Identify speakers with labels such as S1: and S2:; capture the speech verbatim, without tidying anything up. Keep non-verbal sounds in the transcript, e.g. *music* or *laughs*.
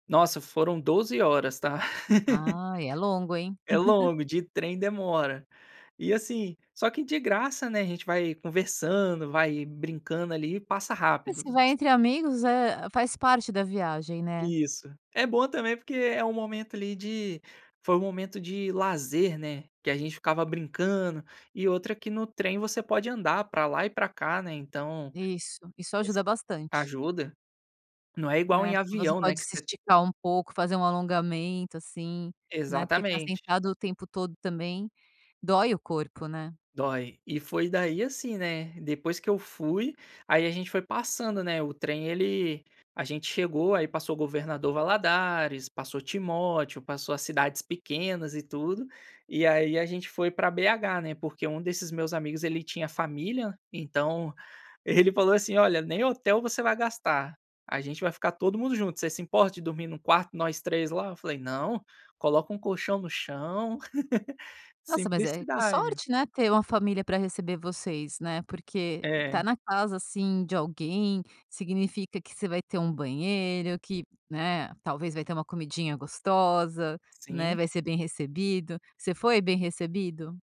S1: Nossa, foram doze horas, tá. *laughs*
S2: Ah, é longo, hein?
S1: É
S2: *chuckles*
S1: longo. De trêm, demora. E assim, só que de graça, né, a gente vai conversando, vai brincando ali e passa rápido.
S2: Se vai entre amigos, eh, faz parte da viagem, né?
S1: Isso. É bom também porque é um momento, ali, de foi um momento de lazer, né, que a gente ficava brincando. E outra que no trem você pode andar para lá e para cá, né? Então
S2: Isso. Isso
S1: esse
S2: ajuda bastante.
S1: ajuda. Não é igual
S2: Né?
S1: em
S2: Você
S1: avião, né,
S2: pode
S1: que
S2: se
S1: você
S2: esticar um pouco, fazer um alongamento assim, né? Porque ficar
S1: Exatamente.
S2: sentado o tempo todo também dói o corpo, né?
S1: Dói. E foi daí assim, né, depois que eu fui, aí a gente foi passando, né? O trem, ele a gente chegou, aí passou o governador Valladares, passou Timóteo, passou as cidades pequenas e tudo. E aí, a gente foi para BH, né, porque um desses meus amigos ele tinha família, então ele falou assim: "Olha, nem hotel você vai gastar, a gente vai ficar todo mundo junto, você se importa de dormir num quarto, nós três lá? Eu falei: "Não, coloca um colchão no chão". *laughs*
S2: Nossa, mas é que
S1: Simplicidade.
S2: sorte, né, ter uma família para receber vocês, né? Porque estar
S1: É.
S2: na casa, assim, de alguém significa que você vai ter um banheiro que, né, talvez vai ter uma comidinha gostosa, né?
S1: Sim.
S2: Vai ser bem recebido. Você foi bem recebido?